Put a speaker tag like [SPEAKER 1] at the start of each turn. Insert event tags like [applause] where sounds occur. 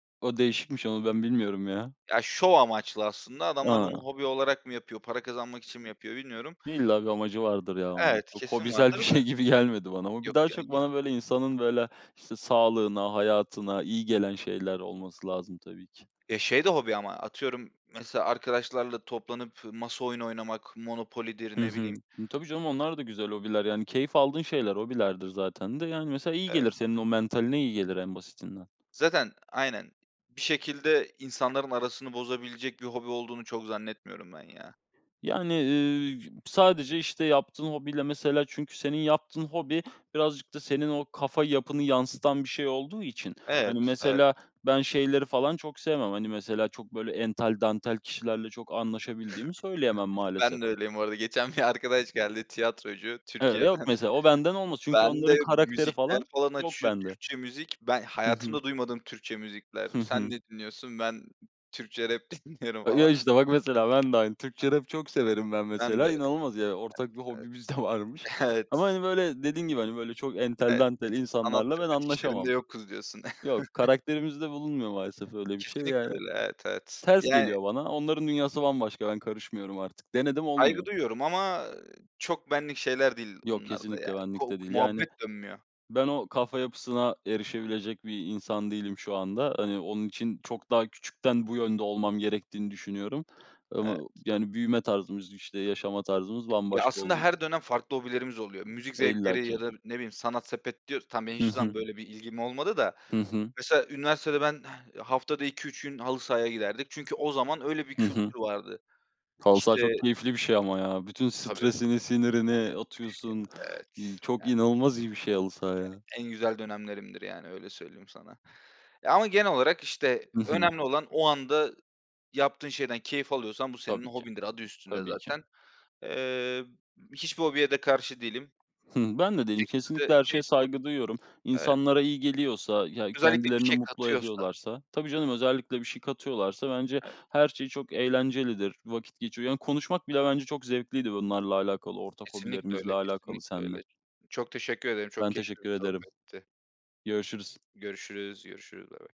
[SPEAKER 1] O, değişikmiş, onu ben bilmiyorum ya.
[SPEAKER 2] Ya, şov amaçlı aslında, adamlar, onu
[SPEAKER 1] A.
[SPEAKER 2] hobi olarak mı yapıyor, para kazanmak için mi yapıyor, bilmiyorum.
[SPEAKER 1] İlla bir amacı vardır ya onun.
[SPEAKER 2] Evet,
[SPEAKER 1] O,
[SPEAKER 2] kesin
[SPEAKER 1] hobisel bir
[SPEAKER 2] vardır
[SPEAKER 1] şey
[SPEAKER 2] da.
[SPEAKER 1] gibi gelmedi bana, ama bir
[SPEAKER 2] Yok
[SPEAKER 1] daha,
[SPEAKER 2] ya.
[SPEAKER 1] çok, bana,
[SPEAKER 2] [unintelligible]
[SPEAKER 1] böyle, insanın, böyle, işte, sağlığına, hayatına iyi gelen şeyler olması lazım tabii ki.
[SPEAKER 2] Ya, şey de hobi ama, atıyorum. Mesela, arkadaşlarla toplanıp, masa oyunu oynamak, Monopoly'dir,
[SPEAKER 1] Hı
[SPEAKER 2] ne
[SPEAKER 1] hı.
[SPEAKER 2] bileyim
[SPEAKER 1] Tabii canım, onlar da güzel hobiler yani, keyif aldığın şeyler, hobilerdir zaten de, yani, mesela iyi
[SPEAKER 2] Evet.
[SPEAKER 1] gelir, senin, o mentaline iyi gelir, en basitinden.
[SPEAKER 2] Zaten, aynen, bir şekilde, insanların arasını bozabilecek bir hobi olduğunu, çok zannetmiyorum ben ya.
[SPEAKER 1] Yani, eee, sadece, işte, yaptığın hobiyle mesela, çünkü, senin yaptığın hobi, birazcık da, senin o kafa yapını yansıtan bir şey olduğu için, hani,
[SPEAKER 2] Evet, evet.
[SPEAKER 1] mesela, ben şeyleri falan çok sevmem. Hani, mesela, çok böyle, ental dantel kişilerle, çok anlaşabildiğimi söyleyemem
[SPEAKER 2] [chuckles]
[SPEAKER 1] maalesef.
[SPEAKER 2] Ben de öyleyim bu arada, geçen bir arkadaş geldi, tiyatrocu,
[SPEAKER 1] Eve Yok,
[SPEAKER 2] Türkiye'den.
[SPEAKER 1] mesela o, benden olmaz. Çünkü, onların
[SPEAKER 2] Bende,
[SPEAKER 1] karakteri
[SPEAKER 2] müzikler
[SPEAKER 1] falan,
[SPEAKER 2] falan
[SPEAKER 1] yok
[SPEAKER 2] açıyor,
[SPEAKER 1] bende.
[SPEAKER 2] Türkçe müzik. Ben
[SPEAKER 1] Hı hı.
[SPEAKER 2] hayatımda duymadığım Türkçe müzikler.
[SPEAKER 1] Hı
[SPEAKER 2] Sen
[SPEAKER 1] hı.
[SPEAKER 2] ne dinliyorsun? Ben Türkçe rap dinliyorum
[SPEAKER 1] A
[SPEAKER 2] falan.
[SPEAKER 1] ya, işte bak, mesela ben de aynı, Türkçe rap çok severim ben
[SPEAKER 2] Ben de,
[SPEAKER 1] mesela, inanılmaz yani, ortak bir
[SPEAKER 2] evet,
[SPEAKER 1] hobimiz de
[SPEAKER 2] evet,
[SPEAKER 1] varmış,
[SPEAKER 2] [chuckles]
[SPEAKER 1] ama,
[SPEAKER 2] evet.
[SPEAKER 1] hani, böyle dediğin gibi, hani, böyle, çok entel
[SPEAKER 2] Evet.
[SPEAKER 1] dantel
[SPEAKER 2] Sanat
[SPEAKER 1] insanlarla, ben
[SPEAKER 2] sepet işlerinde
[SPEAKER 1] anlaşamam.
[SPEAKER 2] yokuz diyorsun.
[SPEAKER 1] Yok,
[SPEAKER 2] [chuckles]
[SPEAKER 1] karakterimizde bulunmuyor maalesef öyle bir şey,
[SPEAKER 2] Kesinlikle
[SPEAKER 1] yani,
[SPEAKER 2] öyle, evet, evet,
[SPEAKER 1] ters
[SPEAKER 2] yani
[SPEAKER 1] geliyor bana, onların dünyası bambaşka, ben karışmıyorum artık, denedim
[SPEAKER 2] Saygı
[SPEAKER 1] olmuyor.
[SPEAKER 2] duyuyorum ama, eee, çok benlik şeyler değil
[SPEAKER 1] Yok,
[SPEAKER 2] bunlar, da
[SPEAKER 1] kesinlikle
[SPEAKER 2] yani
[SPEAKER 1] benlik
[SPEAKER 2] kok
[SPEAKER 1] de değil, yani,
[SPEAKER 2] muhabbet dönmüyor.
[SPEAKER 1] ben o kafa yapısına erişebilecek bir insan değilim şu anda. Hani, onun için, çok daha küçükten, bu yönde olmam gerektiğini düşünüyorum,
[SPEAKER 2] Evet.
[SPEAKER 1] ama, yani, büyüme tarzımız işte, yaşama tarzımız
[SPEAKER 2] Ya,
[SPEAKER 1] bambaşka
[SPEAKER 2] aslında
[SPEAKER 1] olduğu
[SPEAKER 2] her
[SPEAKER 1] için.
[SPEAKER 2] dönem farklı hobilerimiz oluyor. Müzik
[SPEAKER 1] E, illa
[SPEAKER 2] zevkleri, ya
[SPEAKER 1] ki.
[SPEAKER 2] da, ne bileyim, sanat sepet diyoruz. Tamam, benim
[SPEAKER 1] Hı
[SPEAKER 2] hiçbir zaman
[SPEAKER 1] hı.
[SPEAKER 2] böyle bir ilgim olmadı da,
[SPEAKER 1] Hı hı.
[SPEAKER 2] mesela, üniversitede ben haftada 2-3 gün, halı sahaya giderdik. Çünkü, o zaman, öyle bir
[SPEAKER 1] Hı hı.
[SPEAKER 2] kültür vardı.
[SPEAKER 1] Halı saha
[SPEAKER 2] İşte
[SPEAKER 1] çok keyifli bir şey ama ya. Bütün
[SPEAKER 2] Tabii.
[SPEAKER 1] stresini, sinirini
[SPEAKER 2] Üf,
[SPEAKER 1] atıyorsun.
[SPEAKER 2] ya,
[SPEAKER 1] Iıı,
[SPEAKER 2] evet,
[SPEAKER 1] çok
[SPEAKER 2] yani.
[SPEAKER 1] inanılmaz iyi bir şey, halı saha,
[SPEAKER 2] Yani,
[SPEAKER 1] ya.
[SPEAKER 2] en güzel dönemlerimdir yani, öyle söyleyeyim sana, ya ama, genel olarak işte,
[SPEAKER 1] I hı.
[SPEAKER 2] önemli olan, o anda yaptığın şeyden keyif alıyorsan bu senin
[SPEAKER 1] Tabii ki,
[SPEAKER 2] hobindir, adı üstünde
[SPEAKER 1] tabii ki.
[SPEAKER 2] zaten. Eee, hiçbir hobiye de karşı değilim.
[SPEAKER 1] Hı, ben de
[SPEAKER 2] Bir
[SPEAKER 1] değilim. Kesinlikle
[SPEAKER 2] şekilde
[SPEAKER 1] her şeye
[SPEAKER 2] keyif alıp
[SPEAKER 1] saygı duyuyorum.
[SPEAKER 2] Evet.
[SPEAKER 1] İnsanlara iyi geliyorsa ya
[SPEAKER 2] Özellikle, bir
[SPEAKER 1] kendilerini
[SPEAKER 2] şey
[SPEAKER 1] mutlu
[SPEAKER 2] katıyorsa.
[SPEAKER 1] ediyorlarsa Tabii canım, özellikle bir şey katıyorlarsa, bence,
[SPEAKER 2] Evet.
[SPEAKER 1] her şey çok eğlencelidir. Vakit geçiyor. Yani konuşmak bile bence çok zevkliydi bunlarla alakalı, ortak
[SPEAKER 2] Kesinlikle
[SPEAKER 1] hobilerimizle
[SPEAKER 2] öyle,
[SPEAKER 1] alakalı
[SPEAKER 2] kesinlikle
[SPEAKER 1] senle.
[SPEAKER 2] öyle. Çok teşekkür ederim, çok
[SPEAKER 1] Ben
[SPEAKER 2] keyifli
[SPEAKER 1] teşekkür
[SPEAKER 2] bir
[SPEAKER 1] ederim.
[SPEAKER 2] sohbetti.
[SPEAKER 1] Görüşürüz.
[SPEAKER 2] Görüşürüz, görüşürüz, bay bay.